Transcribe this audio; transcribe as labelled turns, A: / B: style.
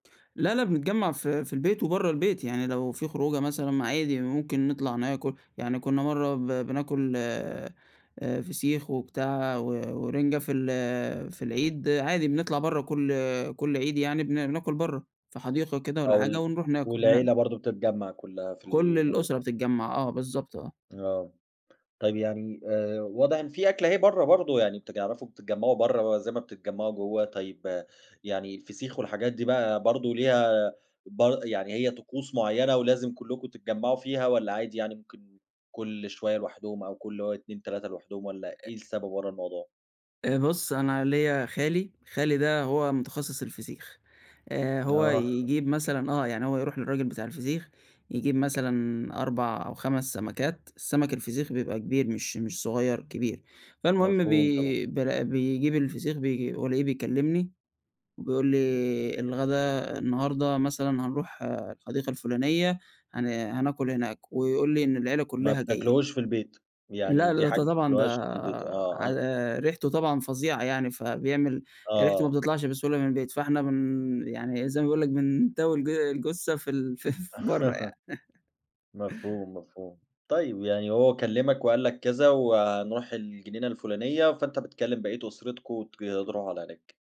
A: لأ لأ بنتجمع في في البيت وبرّا البيت، يعني لو فيه خروجة مثلًا ما عادي ممكن نطلع ناكل، يعني كنا مَرّة ب بناكل آآ، فسيخ وبتاع و ورنجة في ال في العيد عادي، بنطلع برّا كُلّ كُلّ عيد يعني بن ناكل برّا في حديقة كده والّا
B: آه
A: الحاجة
B: وال
A: ونروح ناكل هناك.
B: والعيلة برضو بتتجمَّع كلها في
A: كل الأسرة
B: المناسبة.
A: بتتجمَّع آه بالضبط، آه.
B: آه، طيب يعني آآ، واضح إن فيه أكلة أهي برّا برضو، يعني بتعرفوا بتتجمعوا برّا زي ما بتتجمعوا جوه طيب، يعني الفسيخ والحاجات دي بقى برضو ليها ب يعني هي طقوس معيّنة، ولازم كلّكم تتجمعوا فيها والّا عادي يعني ممكن كُلّ شوية لوحدهم أو كُلّ 2 3 لوحدهم والّا
A: أ
B: إيه السبب ورا الموضوع؟
A: آآ، بُصّ أنا ليّا خالي، خالي ده هو متخصص الفسيخ، آآ، هو
B: آه.
A: يجيب مثلًا آه يعني هو يروح للراجل بتاع الفسيخ، يجيب مثلًا 4 أو 5 سمكات، السمك الفسيخ بيبقى كبير مش مش صغيّر، كبير، فالمهم
B: مفهوم طبعًا.
A: بي بل بيجيب الفسيخ، بي والاقيه بيكلمني بيقول لي الغدا النهارده مثلًا هنروح الحديقة الفلانية هن هناكل هناك، ويقول لي إن العيلة
B: ما
A: كلّها جاية.
B: بتاكلوهوش في البيت، يعني
A: لأ د
B: دي حاجة
A: ده
B: ما
A: طبعًا ده
B: بتاكلوهاش في البيت. آه أ
A: على ريحته طبعًا فظيعة يعني، فبيعمل ريحته ما
B: آه.
A: بتطلعش بسهولة من البيت، فإحنا بن يعني زي ما بيقول لك بنتاوي الج الجثة في ال ف برّا يعني.
B: مفهوم مفهوم. طيب يعني هو كلمك، وقال لك كذا وهنروح الجنينة الفلانية، فأنت بتكلم بقية أسرتكم وتك تروحوا على هناك.